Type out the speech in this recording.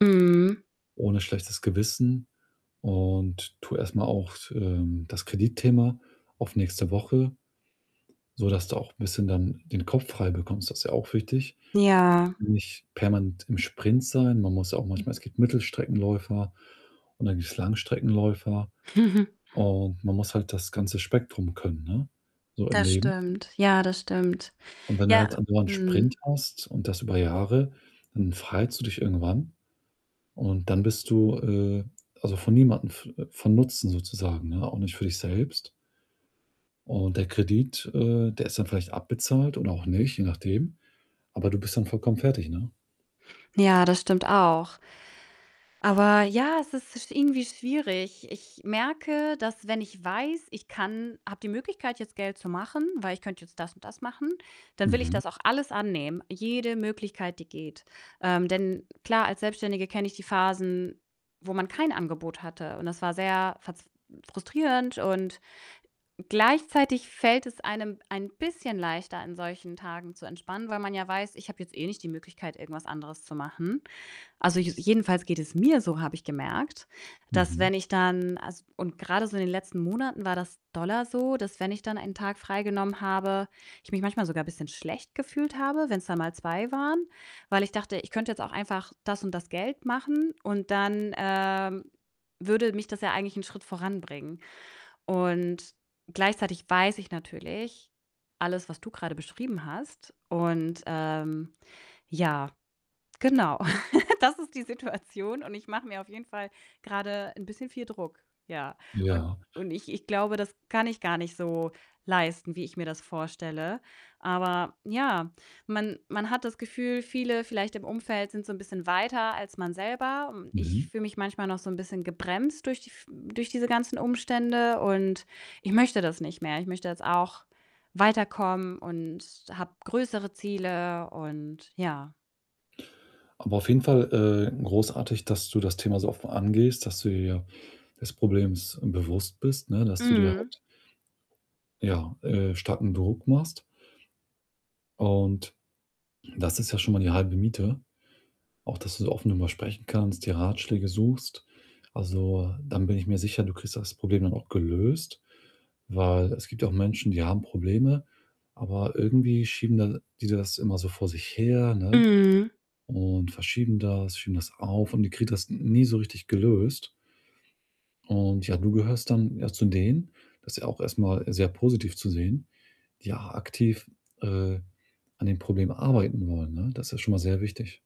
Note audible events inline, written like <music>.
Mhm. Ohne schlechtes Gewissen und tu erst mal auch s ähm, das Kreditthema auf nächste Woche, sodass du auch bisschen dann den Kopf frei bekommst, das ist ja auch wichtig. Ja. Nicht permanent im Sprint sein. Man muss auch manchmal es gibt Mittelstreckenläufer und dann gibt's Langstreckenläufer, <chuckles> und man muss halt das ganze Spektrum können, ne, so im Das Leben. stimmt. Ja, das stimmt. Und wenn du halt Ja andauernd Sprint mhm. hast und das über Jahre, dann verheizt du dich irgendwann und dann bist du, äh, also, für niemandem v äh, von Nutzen sozusagen, ne? Auch nicht für dich selbst und der Kredit, äh, der ist dann vielleicht abbezahlt oder auch nicht, je nachdem, aber du bist dann vollkommen fertig, ne? Ja, das stimmt auch. Aber ja, es ist sch irgendwie schwierig. Ich merke, dass wenn ich weiß, ich kann habe die Möglichkeit, jetzt Geld zu machen, weil ich könnte jetzt das und das machen, dann will ich Mhm. das auch alles annehmen, jede Möglichkeit, die geht. Ähm, denn klar, als Selbstständige kenne ich die Phasen, wo man kein Angebot hatte und das war sehr verz frustrierend und gleichzeitig fällt es einem ein bisschen leichter, an solchen Tagen zu entspannen, weil man ja weiß: „Ich habe jetzt eh nicht die Möglichkeit, irgendwas anderes zu machen.“ Also je jedenfalls geht es mir so, habe ich gemerkt, dass Mhm. wenn ich dann as und grade so in den letzten Monaten war das doller so, dass wenn ich dann einen Tag freigenommen habe, ich mich manchmal sogar bisschen schlecht gefühlt habe, wenn's dann mal 2 waren, weil ich dachte: „Ich könnte jetzt auch einfach das und das Geld machen“, und dann, ähm, würde mich das ja eigentlich 'n Schritt voranbringen. Und gleichzeitig weiß ich natürlich alles, was du grade beschrieben hast, und, ähm ja, genau. <laughs> Das ist die Situation und ich mache mir auf jeden Fall grade 'n bisschen viel Druck, ja. Und Ja. und ich ich glaube, das kann ich gar nicht so leisten, wie ich mir das vorstelle. Aber, ja, man man hat das Gefühl, viele vielleicht im Umfeld sind so 'n bisschen weiter als man selber. Hm, ich Mhm. fühle mich manchmal noch so 'n bisschen gebremst durch die v durch diese ganzen Umstände und ich möchte das nicht mehr. Ich möchte jetzt auch weiterkommen und habe größere Ziele, und ja. Aber auf jeden Fall, äh, großartig, dass du das Thema so offen angehst, dass du dir des Problems bewusst bist, ne, dass du dir Mhm. halt, ja, äh, starken Druck machst und das ist ja schon mal die halbe Miete. Auch dass du so offen drüber sprechen kannst, dir Ratschläge suchst. Also, dann bin ich mir sicher, du kriegst das Problem dann auch gelöst, weil es gibt auch Menschen, die haben Probleme, aber irgendwie schieben de die das immer so vor sich her, ne? Mhm. Und verschieben das, schieben das auf und die kriegen das n nie so richtig gelöst. Und ja, du gehörst dann, ja, zu denen das ist ja auch erst mal sehr positiv zu sehen, die a aktiv, äh, an den Problemen arbeiten wollen, ne? Das ist schon mal sehr wichtig.